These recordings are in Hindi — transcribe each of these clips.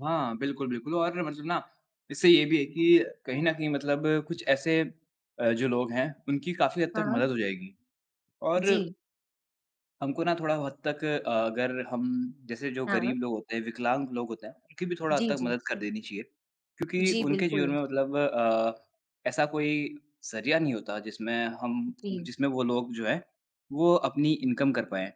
हाँ। बिल्कुल, बिल्कुल और मतलब ना इससे ये भी है कि कहीं तो न कहीं मतलब कुछ ऐसे अ, जो लोग हैं उनकी काफ़ी हद तक हाँ। मदद हो जाएगी। और जी। हमको ना थोड़ा हद तक अगर हम जैसे जो हाँ। गरीब लोग होते हैं, विकलांग लोग होते हैं, उनकी भी थोड़ा हद जी, तक जी। मदद कर देनी चाहिए। क्योंकि जी, उनके जीवन बिल्कुल। में मतलब अ, ऐसा कोई ज़रिया नहीं होता जिसमें हम जी। जिसमें वो लोग जो हैं वो अपनी इनकम कर पाएँ।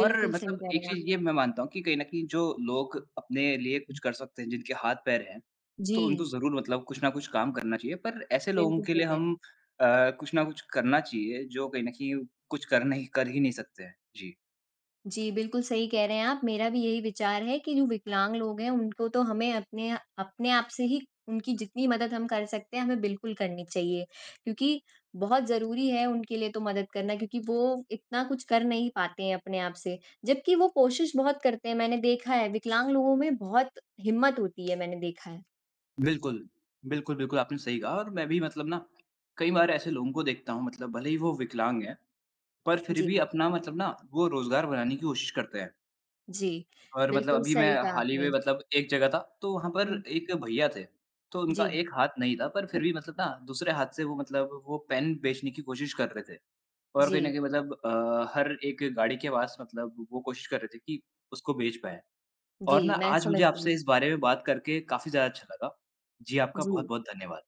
और सही मतलब कह रहे एक हैं आप। चीज़ ये मैं मानता हूँ कि कहीं न कहीं जो लोग अपने लिए कुछ कर सकते हैं, जिनके हाथ-पैर हैं, तो जी। उनको ज़रूर मतलब कुछ न कुछ काम करना चाहिए। पर ऐसे लोगों बिल्कुल, के सही लिए कह रहे हम है। अ, कुछ ना कुछ करना चाहिए जो कहीं न कहीं कुछ कर नहीं कर ही नहीं सकते हैं। जी। जी, बिल्कुल सही कह रहे हैं आप। मेरा भी यही विचार है कि जो विकलांग लोग हैं उनको तो हमें अपने अपने आप से ही उनकी जितनी मदद हम कर सकते हैं, हमें बिल्कुल करनी चाहिए। क्योंकि बहुत ज़रूरी है उनके लिए तो मदद करना क्योंकि वो इतना कुछ कर नहीं पाते हैं अपने आप से। जबकि वो कोशिश बहुत करते हैं मैंने देखा है विकलांग लोगों में बहुत हिम्मत होती है मैंने देखा है। बिल्कुल। बिल्कुल, बिल्कुल आपने सही कहा और मैं भी मतलब ना कई बार ऐसे लोगों को देखता हूँ मतलब भले ही वो विकलांग हैं, पर फ़िर जी। भी अपना मतलब ना वो रोज़गार बनाने की कोशिश करते हैं। जी, और मतलब बिल्कुल अभी मैं सही कहा हाल ही में आपने। मतलब एक जगह था, तो वहाँ पर हुँ। एक भईया थे, तो उनका जी। एक हाथ नहीं था, पर फ़िर भी मतलब ना दूसरे हाथ से वो मतलब वो पेन बेचने की कोशिश कर रहे थे। और कहीं न जी। कहीं मतलब अ, हर एक गाड़ी के पास मतलब वो कोशिश कर रहे थे कि उसको बेच पाएँ। और ना जी, मैं आज मुझे समझती हूँ। आपसे इस बारे में बात करके काफ़ी ज़्यादा अच्छा लगा। जी, आपका जी। बहुत-बहुत धन्यवाद।